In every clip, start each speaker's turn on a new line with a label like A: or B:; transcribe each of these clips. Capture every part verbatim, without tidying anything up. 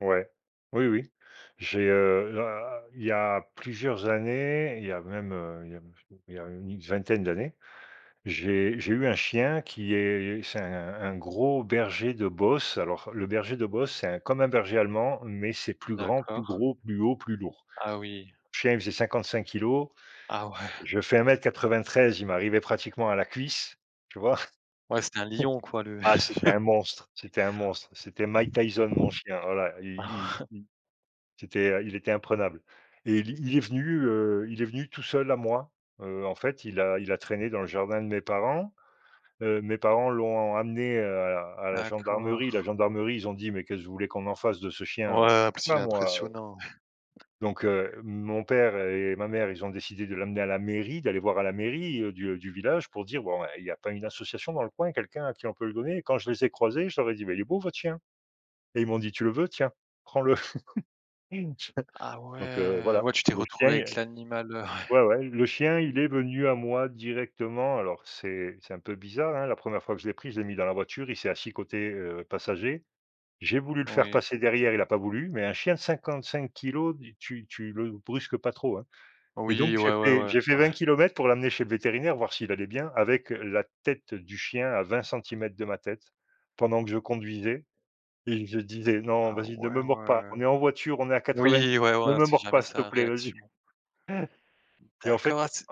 A: Ouais. Oui, oui. J'ai, heu, ah il y a plusieurs années, il y a même, heu, il y a il y a une vingtaine d'années, j'ai j'ai eu un chien qui est c'est un un gros berger de Beauce. Alors, le berger de Beauce, c'est un comme un berger allemand, mais c'est plus grand, plus
B: D'accord.
A: gros, plus haut, plus lourd.
B: Ah oui.
A: Chien, il faisait cinquante-cinq kilogrammes.
B: Ah ouais.
A: Je fais un un mètre quatrevingt-treize, il m'arrivait pratiquement à la cuisse, tu vois?
B: Ouais, c'est un lion quoi, le
A: Mmh. Ah, c'était un monstre, c'était un monstre. C'était Mike Tyson, mon chien. Voilà, il il il c'était il était imprenable. Et il il est venu, heu, il est venu tout seul à moi, heu, en fait il a il a traîné dans le jardin de mes parents, heu, mes parents l'ont amené, heu, à à la gendarmerie, la
B: D'accord.
A: gendarmerie ils ont dit: «Mais qu'est-ce vous voulez qu'on en fasse de ce chien?»
B: Ouais, parce qu'il
A: bah,
B: est
A: moi, heu
B: impressionnant.
A: Donc heu, mon père et ma mère, ils ont décidé de l'amener à la mairie, d'aller voir à la mairie, heu, du, heu, du village pour dire: «Bon, eh, il y a pas une association dans le coin, quelqu'un à qui on peut le donner?» quand je les ai croisés, je leur ai dit: «Mais il est beau votre chien» et ils m'ont dit: «Tu le veux, tiens, prends-le».
B: Ah
A: Donc heu,
B: ouais!
A: voilà,
B: Ouais, tu t'es
A: le chien,
B: retrouvé avec
A: il
B: l'animal, heu, ouais.
A: un ouais, ouais, le chien il est venu à moi directement. Alors c'est c'est un peu bizarre hein, la première fois que je l'ai pris, je l'ai mis dans la voiture, il s'est assis côté, heu, passager. J'ai voulu le faire
B: Oui.
A: passer derrière, il a pas voulu. Mais un chien de cinquante-cinq kilogrammes, du tu tu le brusques pas trop, hein. Et donc,
B: Oui,
A: j'ai
B: ouais, ouais
A: fait
B: ouais.
A: j'ai fait vingt
B: Ouais.
A: kilomètres pour l'amener chez le vétérinaire, voir s'il allait bien. Avec la tête du chien à vingt centimètres de ma tête pendant que je conduisais. Et je disais: «Non,
B: Ah
A: vas-y, ne
B: ouais,
A: me mord pas,
B: ouais.
A: on est en voiture, on est à quatre-vingt,
B: Oui, ouais, ouais,
A: ne
B: on
A: me
B: sait
A: mord
B: jamais
A: pas s'il te
B: sa
A: plaît, vas-y».
B: réaction.
A: Et en
B: D'accord,
A: fait
B: ah c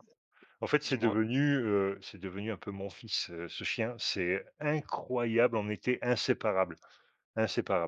A: en en fait, c'est
B: dis-moi.
A: devenu, heu, c'est devenu un peu mon fils, ce chien. C'est incroyable, on était inséparables, inséparables.